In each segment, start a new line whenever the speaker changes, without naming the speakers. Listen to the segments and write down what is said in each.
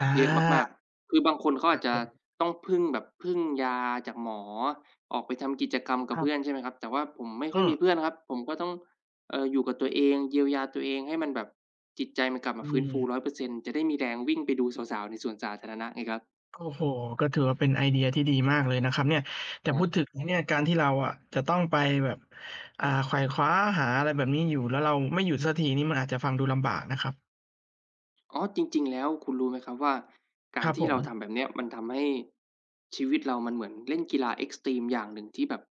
อา
เยอะมาก ๆ คือบางคนเขา
ค
อ
รั
าจ
บ
จ
ผ
ะ
ม
ต้องพึ่งแบบพึ่งยาจากหมอ ออกไปทำกิจกรรมกับ
คร
เพ
ั
ื
บ
่อน ใช่ไหมครับ แต่ว่าผมไม่
อ
ค่
ื
อย
ม
มีเพื่อนครับ ผมก็ต้อง เอ่อ อยู่กับตัวเอง เยียวยาตัวเอง ให้มันแบบจิตใจมันกลับ
อ
มา
ื
ฟื้นฟู
ม
100% จะได้มีแรงวิ่งไปดูสาว ๆ ในสวนสาธารณะไงครับ
โอ้โฮ ก็ถือว่าเป็นไอเดียที่ดีมากเลยนะครับเนี่ย แต่
ครั
พู
บ
ดถึงเนี่ยการที่เราอะจะต้องไปแบบ อ่า ไขว่คว้าหาอะไรแบบนี้อยู่ แล้วเราไม่หยุดสักทีนี่มันอาจจะฟังดูลำบากนะครับ
อ๋อ จริง ๆ แล้วคุณรู้ไหมครับว่า ก
ค
าร
รับ
ที่
ผ
เราท
ม
ำแบบเนี้ย มันทำให้ชีวิตเรามันเหมือนเล่นกีฬาเอ็กซ์ตรีมอย่างหนึ่งที่แบบ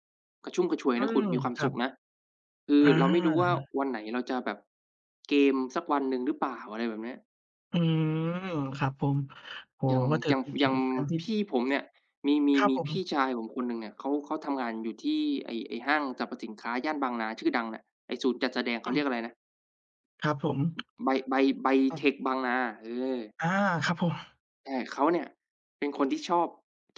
กระชุ่มกระชวย
อื
นะคุ
ม
ณ มีความ
คร
ส
ั
ุ
บ
ขนะ คื
อ
อ
า
เราไม่รู้ว่า วันไหนเราจะแบบเกมสักวันหนึ่งหรือเปล่า อะไรแบบเนี้ย
อืม ครับผม โอ้
อย
โฮ
่าง
ว่า [unintelligible] จ
อย่าง
ร
อย
ิ
่าง
ง ๆ ทั้งที่
พี่ผมเนี่ย มี มี
ครับ
มี
ผ
พี
ม
่ชายผมคนหนึ่งเนี่ย เขา เขาทำงานอยู่ที่ไอ้ ไอ้ห้างสรรพสินค้าย่านบางนาชื่อดังอะ ไอ้ศูนย์จัดแสดง เข
อ
า
ื
เรี
ม
ยกอะไรนะ?
ครับผม
บ ไบ ไบ ไบ
อ
เ
า
ทคบางนา เออ
อา ครับผม
แต่เขาเนี่ย เป็นคนที่ชอบ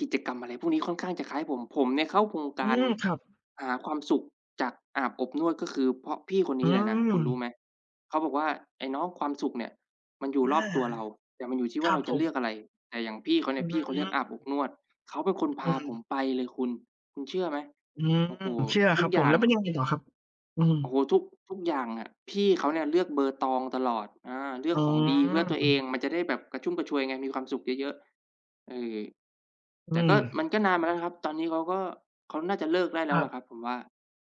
กิจกรรมอะไรพวกนี้ค่อนข้างจะคล้ายผม ผมเนี่ยเข้าโครงก
อื
าร
ม ครับ
หาความสุขจากอาบอบนวด ก็คือเพราะพี่คนน
อ
ี
ื
้เลยนะ คุณรู้ไ
ม
หม เขาบอกว่า "ไอ้น้องความสุขเนี่ยมันอยู่
อ
ร
า
อบตัวเรา แต่มันอยู่ที่ว
ค
่
ร
า
ั
เรา
บ
จ
ผ
ะเลือ
ม
กอะไร" แต่อย่างพี่เขาเ
อ
นี่
ื
ย พ
ม
ี่เขาเลือกอาบอบนวด เขาเป็นคนพ
อื
าผม
ม
ไปเลยคุณ คุณเชื่อไหม
อืม
โอ้โฮ
เชื่อ
ทุ
คร
ก
ับ
อ
ผ
ย่
ม
า
แ
ง
ล้วเป็นยังไงต่อครับ? อืม
โอ้โฮ ทุก ทุกอย่างอะ พี่เขาเนี่ยเลือกเบอร์ตองตลอด อา เลือ
อ
ก
ื
ของ
ม
ดีเพื่อตัวเอง มันจะได้แบบกระชุ่มกระชวยไง มีความสุขเยอะ ๆ เออ
อ
แ
ื
ต่ก็
ม
มันก็นานมาแล้วนะครับ ตอนนี้เขาก็ เขาน่าจะเลิกได้แล
ค
้ว
ร
ล่ะ
ับ
ครับผมว่า